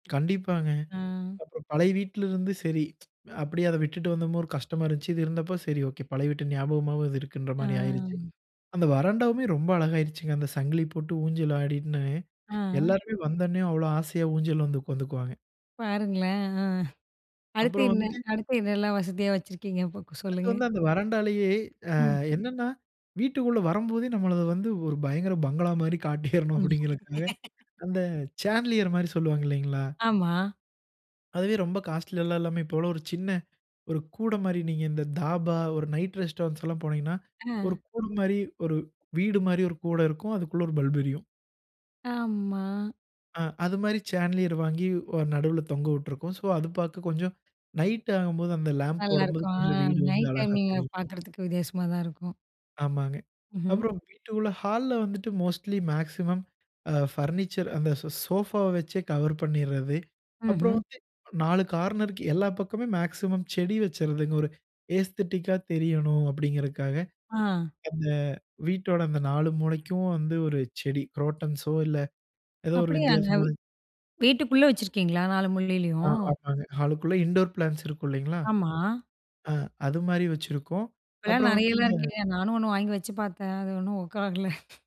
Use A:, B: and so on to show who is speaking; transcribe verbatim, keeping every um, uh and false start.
A: கண்டிப்பாங்க.
B: ம்.
A: அப்புறம் பழைய வீட்லருந்து சரி, அப்படியே அதை விட்டுட்டு வந்தமோ ஒரு கஷ்டமா இருந்துச்சு. இது இருந்தப்போ, சரி, ஓகே! பழைய வீட்டு ஞாபகமாவாவது இருக்குன்ற மாரி ஆயிருச்சு.
B: ம்.
A: அந்த வராண்டாவுமே ரொம்ப அழகாயிருச்சுங்க, அந்த சங்கிலி போட்டு, ஊஞ்சல் ஆடிட்ன்னு,
B: ம்,
A: எல்லாருமே வந்தோன்னே, அவ்ளோ ஆசையா ஊஞ்சல்லவந்து உக்காந்துக்குவாங்க.
B: பாருங்களேன். ஆ, அடுத்து
A: அப்புறம்
B: என்ன?
A: வந்துட்டு
B: அடுத்து என்னலாம் வசதியா வச்சுருக்கீங்க? இப்போ கொ
A: அடுத்து
B: சொல்லுங்க.
A: வந்து அந்த வராண்டாலயே ஆ,
B: ம்.
A: என்னான்னா, "வீட்டுக்குள்ள வரம்போதே, நம்மள வந்து, ஒரு பயங்கர பங்களா மாரி காட்டியரணும்"
B: ம்.
A: அப்படிங்கறதுக்காக அந்த சான்லியர் மாரி சொல்லுவாங்க இல்லீங்களா?
B: ஆமா.
A: அதுவே ரொம்ப காஸ்ட்லியா எல்லாம் இல்லாம, இப்போவெலாம் ஒரு சின்ன ஒரு கூடை மாரி, நீங்க இந்த தாபா, ஒரு நைட் ரெஸ்டாரண்ட்ஸ் எல்லாம் போனீங்கன்னா, ஒரு
B: ஆ.
A: கூட மாரி ஒரு வீடு மாரி ஒரு கூட இருக்கும். அதுக்குள்ள ஒரு பல்ப் எரியும்.
B: ஆம்மா!
A: ஆ. அது மாரி சேன்லியர் வாங்கி வ நடுவுல தொங்க விட்டிருக்கோம். சோ அது பாக்க கொஞ்சம் நைட் ஆகும்போது அந்த லாம்ப் போடம்போது
B: நல்லாயிருக்கும். ஆ
A: கொஞ்சம் வீடு வந்து
B: நைட்
A: அழகா
B: டைமிங்க்ல
A: தெரியும்.
B: பாக்கறதுக்கு வித்தியாசமா தான் இருக்கும்.
A: ஆமாங்க.
B: ம்ஹ்ம்.
A: அப்புறம் வீட்டுக்குள்ள, ஹால்ல வந்துட்டு மோஸ்ட்லி மேக்ஸிமம் அ பர்னிச்சர் அந்த ஸோ சோஃபாவை வச்சே கவர் பண்ணிர்றது. அப்புறம்
B: ம்ஹ்ம்.
A: வந்து, அ நாலு கார்னருக்கு எல்லா பக்கமே மேக்ஸிமம் செடி வச்சர்றதுங்க. ஒரு ஏஸ்தெட்டிக்கா தெரியணும் அப்படிங்கிறதுக்காக,
B: ஆ.
A: அந்த வீட்டோட அந்த நாலு மூலைக்கும் வந்து, ஒரு செடி குரோட்டன்ஸோ இல்ல ஏதோ ஒரு
B: அப்படியாங்க!
A: வித்தியாசமான
B: வீட்டுக்குள்ள வச்சிருக்கீங்களா? நாலு
A: ஆ
B: மூலையிலயும்!
A: ஆமாங்க. ஹாலுக்குள்ள இன்டோர் பிளான்ட்ஸ் இருக்கும் இல்லைங்களா?
B: ஆமா.
A: ஆ அது மாரி வச்சிருக்கோம்.
B: இப்போலாம்
A: அப்புறம் வந்து
B: நெறையலாம்
A: இந்த
B: இருக்குங்க. நானும் ஒண்ணு வாங்கி வச்சு பாத்தேன். அது ஒண்ணும் ஒர்க் ஆகல.